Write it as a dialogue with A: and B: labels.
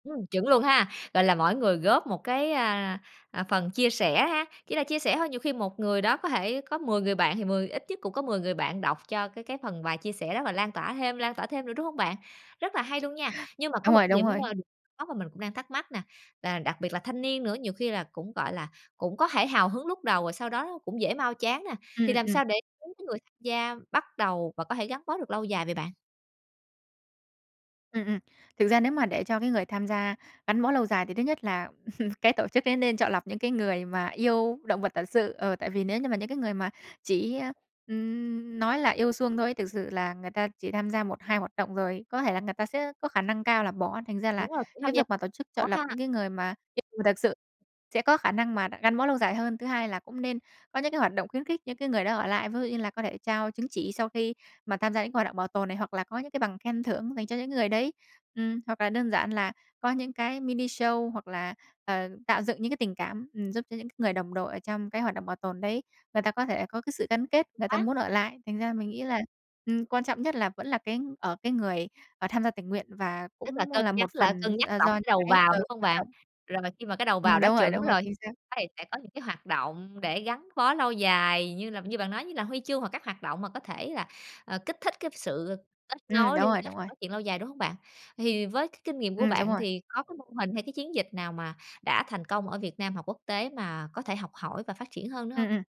A: Ừm, chuẩn luôn ha, gọi là, mỗi người góp một cái, a, à, phần chia sẻ ha. Chỉ là chia sẻ thôi, nhiều khi một người đó có thể có 10 người bạn thì mười ít nhất cũng có 10 người bạn đọc cho cái cái phần bài chia sẻ đó và lan tỏa thêm, lan tỏa thêm nữa, đúng hông bạn? Rất là hay luôn nha. Nhưng mà có
B: Đúng
A: một
B: rồi,
A: cái
B: đúng
A: điểm,
B: rồi.
A: a, điểm có mà mình cũng đang thắc mắc nè, là đặc biệt là thanh niên nữa, nhiều khi là cũng, gọi là, cũng có thể hào hứng lúc đầu rồi sau đó nó cũng dễ mau chán nè.
B: Ừm,
A: Thì
B: ừm,
A: làm
B: ừm.
A: sao để [unintelligible] cái người tham gia bắt đầu và có thể gắn bó được lâu dài vậy bạn?
B: Ừm, ừm. Thực ra nếu mà để cho cái người tham gia gắn bó lâu dài thì thứ nhất là cái tổ chức ấy nên chọn lọc những cái người mà yêu động vật thật sự. Ờ, tại vì nếu như mà những cái người mà chỉ, a, ừm, nói là yêu suông thôi ấy, thực sự là người ta chỉ tham gia 1, 2 hoạt động, rồi có thể là người ta sẽ có khả năng cao là bỏ, thành ra là
A: Đúng rồi, cũng tham
B: cái
A: gia
B: việc mà tổ chức chọn
A: [unintelligible]
B: lọc
A: ha.
B: những cái người mà yêu [unintelligible] thật sự sẽ có khả năng mà đ gắn bó lâu dài hơn. Thứ hai là cũng nên có những cái hoạt động khuyến khích những cái người đó ở lại, ví dụ như là có thể trao chứng chỉ sau khi mà tham gia những cái hoạt động bảo tồn này, hoặc là có những cái bằng khen thưởng dành cho những người đấy. Ừm, hoặc là đơn giản là có những cái mini show, hoặc là, ờ, tạo dựng những cái tình cảm, ừm, giúp cho những cái người đồng đội ở trong cái hoạt động bảo tồn đấy người ta có thể có cái sự gắn kết, người ta
A: Á.
B: muốn ở lại. Thành ra mình nghĩ là, ừm, quan trọng nhất là vẫn là cái ở cái người, ờ, tham gia tình nguyện và
A: Tức là
B: cũng
A: cân
B: là
A: nhắc
B: một
A: lại cân
B: phần,
A: nhắc
B: ơ,
A: lọc
B: do những
A: cái đầu
B: cái
A: vào,
B: ừ,
A: đúng hông
B: hoạt
A: bạn?
B: động.
A: Rồi khi mà cái đầu
B: Ừm,
A: vào đã
B: đúng rồi,
A: chuẩn
B: đúng rồi,
A: rồi,
B: chính xác.
A: [unintelligible] sẽ có những cái hoạt động để gắn bó lâu dài như là như bạn nói như là huy chương hoặc các hoạt động mà có thể là, ờ, kích thích cái sự kết
B: Ừm,
A: nối,
B: đúng
A: liên
B: rồi,
A: kết
B: đúng
A: và
B: rồi.
A: phát triển lâu dài, đúng hông bạn? Thì với cái kinh nghiệm của
B: Ừm, đúng
A: bạn
B: rồi.
A: thì có cái mô hình hay cái chiến dịch nào mà đã thành công ở Việt Nam hoặc quốc tế mà có thể học hỏi và phát triển hơn nữa
B: Ừm,
A: hông?
B: ừm.